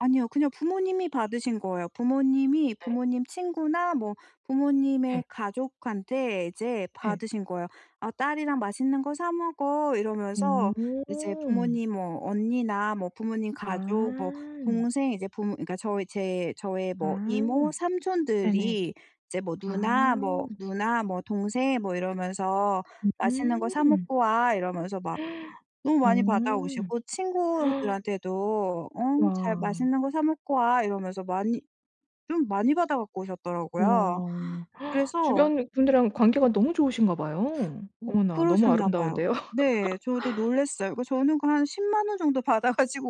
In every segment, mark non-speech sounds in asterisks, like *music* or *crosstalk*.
아니요. 그냥 부모님이 받으신 거예요. 부모님이 네. 부모님 친구나 뭐 예. 부모님의 가족한테 이제 예. 받으신 거예요. "아 딸이랑 맛있는 거 사 먹어." 이러면서 오. 이제 부모님 뭐 언니나 뭐 부모님 가족 뭐 아. 동생 이제 부모 그니까 저희 제 저의 뭐 아. 이모 네네. 삼촌들이 이제 뭐 아. 누나 뭐 누나 뭐 동생 뭐 이러면서 "맛있는 거 사 음. 먹고 와." 이러면서 막 *gasps* 너무 많이 받아오시고 오. *gasps* 친구들한테도 어 "잘 와. 맛있는 거 사 먹고 와." 이러면서 많이 좀 많이 받아 갖고 오셨더라고요. 와. *gasps* 그래서 주변 분들이랑 관계가 너무 좋으신가 봐요. 어 어머나 너무 그러셨나 봐요. 아름다운데요. 네. 저도 *laughs* 놀랐어요. 그 저는 그 한 100,000 원 정도 받아가지고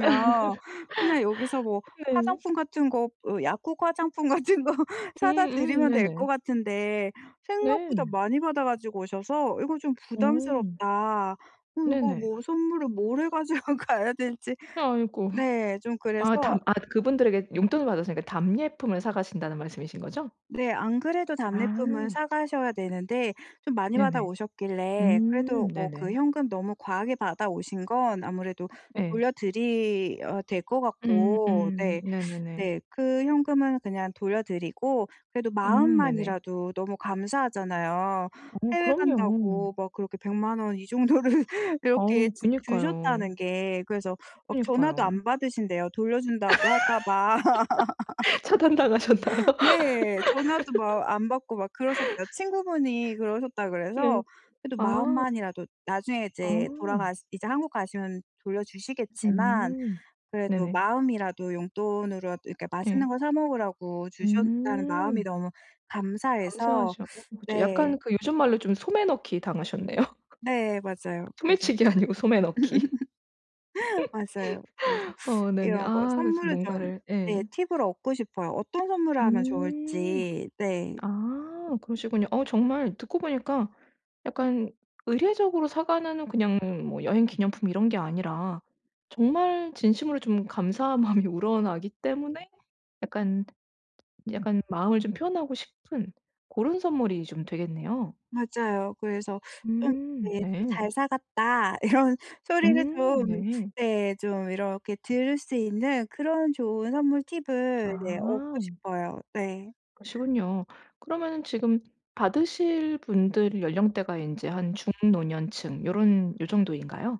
*laughs* 그냥 여기서 뭐 네. 화장품 같은 거 뭐 약국 화장품 같은 거 사다 음음 드리면 될 것 네네. 같은데 생각보다 네. 많이 받아 가지고 오셔서 '이거 좀 오. 부담스럽다.' 어 이거 네네. 뭐 선물을 뭘 해 가지고 가야 될지 아이고. 네 좀 그래서 아 답 그분들에게 용돈을 받았으니까 답례품을 사가신다는 말씀이신 거죠? 네. 안 그래도 답례품은 아. 사가셔야 되는데 좀 많이 받아 네네. 오셨길래 음 그래도 뭐 그 네네. 현금 너무 과하게 받아오신 건 아무래도 예. 돌려드려야 될 것 음 같고 음 네. 네네네. 네. 그 현금은 그냥 돌려드리고 그래도 음 네네. 마음만이라도 너무 감사하잖아요 어 해외 그럼요. 간다고 막 그렇게 1,000,000 원 이 정도를 그렇게 어 주 그니까요. 주셨다는 게. 그래서 막 전화도 그니까요. 안 받으신대요 돌려준다고 할까 봐. *laughs* 차단당하셨나요? *laughs* 네. 전화도 막 안 받고 막 그러셨대요. *laughs* 친구분이 그러셨다 네. 그래서 그래도 아. 마음만이라도 나중에 아. 이제 돌아가시 이제 한국 가시면 돌려주시겠지만 음. 네네. 그래도 마음이라도 용돈으로라도 이렇게 맛있는 예. 거 사 먹으라고 주셨다는 마음이 음. 너무 감사해서 감사하죠. 어 뭐 저 네. 약간 그 요즘말로 좀 소매넣기 당하셨네요. 네 *laughs* 맞아요. 그래서 소매치기 아니고 소매넣기. *laughs* 맞아요. 그래서 *laughs* 어 네네. 이런 거 아 그래서 선물을 좀 뭔가를 네 예. 팁을 얻고 싶어요 어떤 선물을 하면 음. 좋을지 네. 아 그러시군요. 어 정말 듣고 보니까 약간 의례적으로 사가는 그냥 뭐 여행 기념품 이런 게 아니라 정말 진심으로 좀 감사한 마음이 우러나기 때문에 약간 약간 마음을 좀 표현하고 싶은 그런 선물이 좀 되겠네요. 맞아요. 그래서 좀 음 네 좀 네. "잘 사갔다." 이런 소리를 음 좀 네. 네 좀 이렇게 들을 수 있는 그런 좋은 선물 팁을 예 얻고 아. 싶어요. 네. 그러시군요. 그러면은 지금 받으실 분들 연령대가 이제 한 중 노년층 요런 요 정도인가요?